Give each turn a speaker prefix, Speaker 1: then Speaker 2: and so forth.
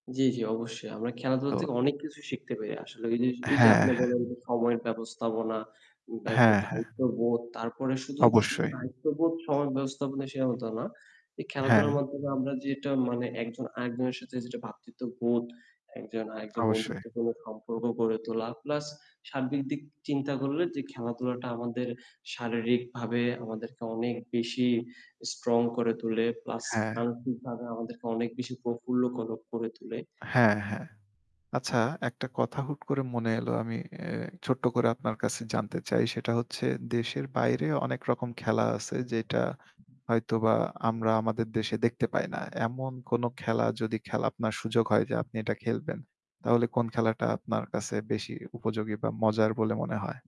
Speaker 1: জ্বি, জ্বি অবশ্যই। আমরা খেলাধুলা
Speaker 2: তো
Speaker 1: থেকে অনেক কিছু শিখতে পারি। আসলে অইজিস এইযে
Speaker 2: হ্যাঁ,
Speaker 1: আপনি
Speaker 2: হ্যাঁ।
Speaker 1: বললেন যে সময়ের ব্যবস্থাপনা, ব্যাপ
Speaker 2: হ্যাঁ, হ্যাঁ।
Speaker 1: দায়িত্ববোধ তারপরে শুধু শুধু
Speaker 2: অবশ্যই।
Speaker 1: দায়িত্ববোধ সময়ের ব্যবস্থাপনা সে হতো না। এই খেলাধুলার
Speaker 2: হ্যাঁ।
Speaker 1: মাধ্যমে আমরা যেটা মানে একজন আরেকজনের সাথে যেটা ভ্রাতৃত্ববোধ একজন আরেকজন
Speaker 2: অবশ্যই।
Speaker 1: বন্ধুত্বপূর্ণ সম্পর্ক গড়ে তোলা। প্লাস সার্বিক দিক চিন্তা করলে যে খেলাধুলাটা আমাদের শারীরিক ভাবে আমাদেরকে অনেক বেশি স্ট্রং করে তোলে। প্লাস
Speaker 2: হ্যাঁ।
Speaker 1: মানসিকভাবে আমাদেরকে অনেক বেশি প্রফুল্ল কর করে তোলে।
Speaker 2: হ্যাঁ, হ্যাঁ। আচ্ছা একটা কথা হুট করে মনে এলো আমি এ ছোট্ট করে আপনার কাছে জানতে চাই সেটা হচ্ছে। দেশের বাইরে অনেক রকম খেলা আছে যেটা হয়তোবা আমরা আমাদের দেশে দেখতে পাই না। এমন কোনো খেলা যদি আপনার সুযোগ হয় যে আপনি এটা খেলবেন। তাহলে কোন খেলাটা আপনার কাছে বেশি উপযোগী বা মজার বলে মনে হয়?